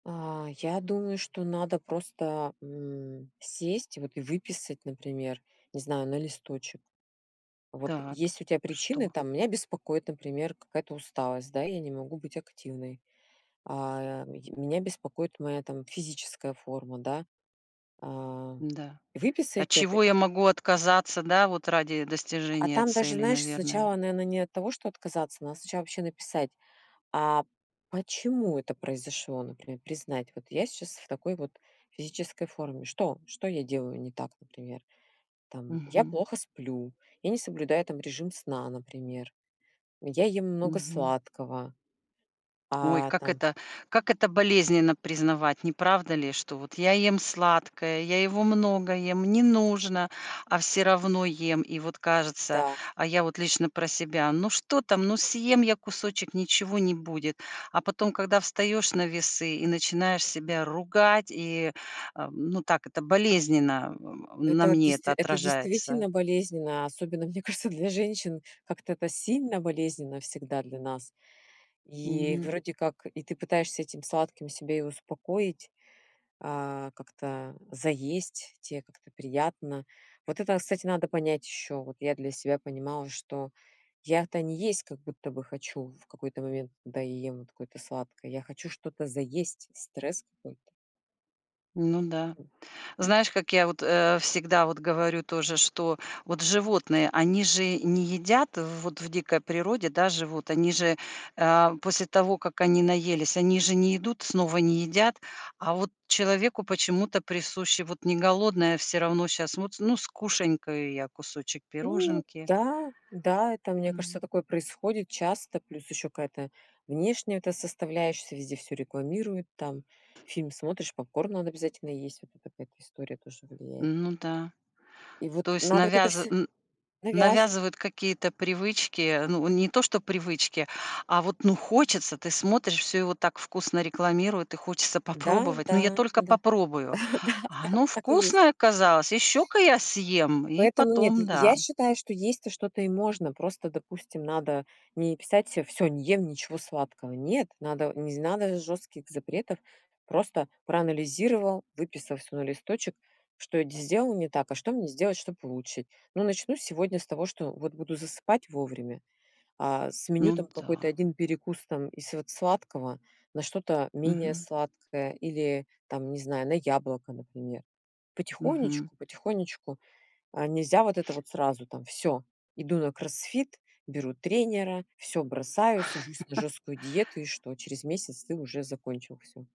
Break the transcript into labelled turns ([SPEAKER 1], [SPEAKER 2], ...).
[SPEAKER 1] А, я думаю, что надо просто, м, сесть вот и выписать, например, не знаю, на листочек. Вот
[SPEAKER 2] Так.
[SPEAKER 1] есть у тя причины,
[SPEAKER 2] Что?
[SPEAKER 1] там: "Меня беспокоит, например, какая-то усталость, да, я не могу быть активной". А, м меня беспокоит моя там физическая форма, да. А.
[SPEAKER 2] Да, от
[SPEAKER 1] Выписать это
[SPEAKER 2] чего я могу отказаться, да, вот ради
[SPEAKER 1] А
[SPEAKER 2] достижения
[SPEAKER 1] там даже,
[SPEAKER 2] цели,
[SPEAKER 1] знаешь,
[SPEAKER 2] наверное?
[SPEAKER 1] сначала, наверно, не от того, что отказаться, надо сначала вообще написать, а почему это произошло, например, признать. Вот я щас в такой вот физической форме. Что? Что я делаю не так, например? Там я
[SPEAKER 2] Мгм.
[SPEAKER 1] плохо сплю. Я не соблюдаю там режим сна, например. Я ем много
[SPEAKER 2] Мгм.
[SPEAKER 1] сладкого.
[SPEAKER 2] Ой,
[SPEAKER 1] А
[SPEAKER 2] как
[SPEAKER 1] там
[SPEAKER 2] это как это болезненно признавать, неправда ли, что вот я ем сладкое, я его много ем, не нужно, а всё равно ем, и вот кажется,
[SPEAKER 1] Да.
[SPEAKER 2] а я вот лично про себя. Ну что там, ну съем я кусочек, ничего не будет, а потом, когда встаешь на весы и начинаешь себя ругать, и, а, ну так это болезненно на
[SPEAKER 1] Это
[SPEAKER 2] мне
[SPEAKER 1] действ
[SPEAKER 2] это
[SPEAKER 1] это
[SPEAKER 2] отражается.
[SPEAKER 1] действительно болезненно, особенно, мне кажется, для женщин как-то это сильно болезненно всегда для нас. И
[SPEAKER 2] Мгм.
[SPEAKER 1] вроде как и ты пытаешься этим сладким себя и успокоить, а как-то заесть, те как-то приятно. Вот это, кстати, надо понять ещё. Вот я для себя понимала, что я-то не есть как будто бы хочу в какой-то момент, когда я ем вот какое-то сладкое, я хочу что-то заесть, стресс какой-то.
[SPEAKER 2] Ну да,
[SPEAKER 1] И
[SPEAKER 2] знаешь, как я вот, э, всегда вот говорю тоже, что вот животные- они же не едят. Вот в дикой природе, да, живут они же, а, после того как они наелись, они же не идут снова, не едят, а вот человеку почему-то присуще вот не голодным всё равно, щас вот: "Ну, скушанькаю я кусочек
[SPEAKER 1] Ну
[SPEAKER 2] пироженки".
[SPEAKER 1] да, да, это, мне кажется,
[SPEAKER 2] М.
[SPEAKER 1] такое происходит часто, плюс ещё какая-то внешняя эта составляешься, везде всё рекламируют, там фильм смотришь, попкорн надо обязательно есть. Вот это какая-то история тоже влияет.
[SPEAKER 2] Ну да,
[SPEAKER 1] И вот
[SPEAKER 2] то есть
[SPEAKER 1] надо вот это
[SPEAKER 2] навяз
[SPEAKER 1] всё.
[SPEAKER 2] н
[SPEAKER 1] Навязыв
[SPEAKER 2] навязывают какие-то привычки. Ну, не то что привычки, а вот, ну, хочется. Ты смотришь: всё его так вкусно рекламируют- и хочется
[SPEAKER 1] Да
[SPEAKER 2] попробовать. Но: "Я
[SPEAKER 1] да
[SPEAKER 2] только
[SPEAKER 1] да.
[SPEAKER 2] попробую".
[SPEAKER 1] Да
[SPEAKER 2] А
[SPEAKER 1] да.
[SPEAKER 2] оно
[SPEAKER 1] Так и есть.
[SPEAKER 2] вкусное оказалось. "Ещё-ка я съем". И
[SPEAKER 1] Поэтому нет,
[SPEAKER 2] потом,
[SPEAKER 1] я я
[SPEAKER 2] да.
[SPEAKER 1] считаю, что есть то что-то и можно. Просто, допустим, надо не писать се всё, не ем ничего сладкого. Нет, надо не з надо жёстких запретов. Просто проанализировал, выписал всё на листочек, что я з сделал не так, а что мне сделать, чтоб улучшить. Ну, начну сегодня с того, что вот буду засыпать вовремя. А с меню там
[SPEAKER 2] Ну
[SPEAKER 1] какой-то
[SPEAKER 2] да.
[SPEAKER 1] 1 перекус там из вот сладкого на что-то менее
[SPEAKER 2] Мгм.
[SPEAKER 1] сладкое или там, не знаю, на яблоко, например.
[SPEAKER 2] Мгм.
[SPEAKER 1] Потихонечку потихонечку, а, нельзя вот это вот сразу там всё, иду на кроссфит, беру тренера, всё бросаю, сажусь на жесткую диету, и что через месяц ты уже закончил всё.